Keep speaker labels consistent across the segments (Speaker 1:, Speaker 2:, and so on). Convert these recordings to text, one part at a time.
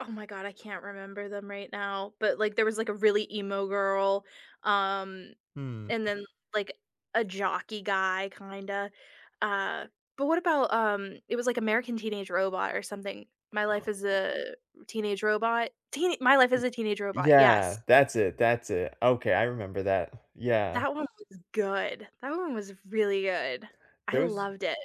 Speaker 1: Oh my god, I can't remember them right now, but, like, there was like a really emo girl, um,
Speaker 2: Mm.
Speaker 1: and then, like, a jockey guy kinda, uh, but what about, um, it was, like, American Teenage Robot or something. My Life as a Teenage Robot, Teen My Life
Speaker 2: Y
Speaker 1: as a Teenage Robot, yes.
Speaker 2: yeah, that's it, that's it, okay, I remember that, yeah.
Speaker 1: That one was good, that one was really good. I
Speaker 2: Those
Speaker 1: loved it.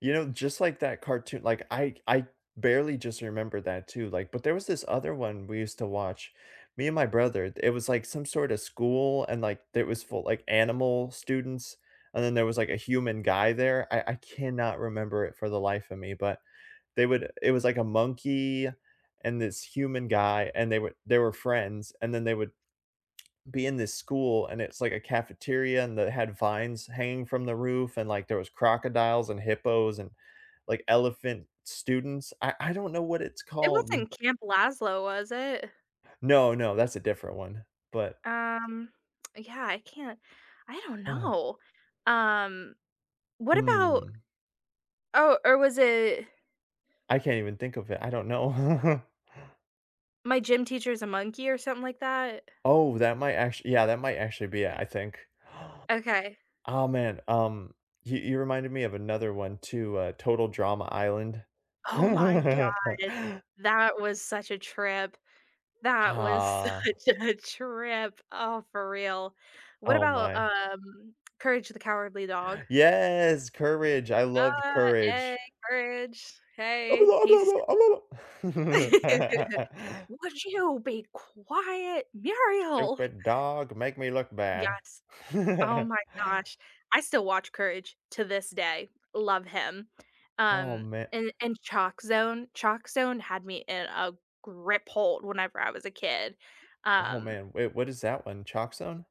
Speaker 2: you know, just like that cartoon like I I barely just remember that too, like but there was this other one we used to watch, me and my brother, it was, like, some sorta school and, like, it was for, like, animal students, and then there was, like, a human guy there, I I cannot remember it for the life of me, but they would it was, like, a monkey and this human guy, and they were they were friends, and then they would be in this school, and it's, like, a cafeteria and that had vines hanging from the roof, and, like, there was crocodiles and hippos and, like, elephant students. I I don't know what it's
Speaker 1: It
Speaker 2: called.
Speaker 1: wasn't Camp Laszlo, was it?
Speaker 2: No, no, that's a different one, but
Speaker 1: Um, yeah, I can't I don't
Speaker 2: Oh.
Speaker 1: know, um, what about
Speaker 2: Mm.
Speaker 1: oh, or was it
Speaker 2: I can't even think of it, I don't know.
Speaker 1: My Gym Teacher is a Monkey or something like that?
Speaker 2: Oh, that might act yeah, that might actually be it, I think.
Speaker 1: Okay.
Speaker 2: Aw, man, um, you you reminded me of another one too, uh, Total Drama Island.
Speaker 1: Oh my god! That was such a trip. That was
Speaker 2: Uh
Speaker 1: such a trip. Oh, for real. What
Speaker 2: Oh,
Speaker 1: about,
Speaker 2: my.
Speaker 1: um, Courage the Cowardly Dog?
Speaker 2: Yes! Courage, I loved
Speaker 1: Uh, "Hey,
Speaker 2: Courage.
Speaker 1: courage, hey, he's" "Would you be quiet, Muriel?"
Speaker 2: "Stupid dog, make me look bad."
Speaker 1: Yes, oh my gosh, I still watch Courage to this day, love him,
Speaker 2: Oh,
Speaker 1: um,
Speaker 2: ma
Speaker 1: and and Chalkzone, Chalkzone had me in a grip hold whenever I was a kid,
Speaker 2: oh,
Speaker 1: um
Speaker 2: man, wait, what is that one? Chalkzone?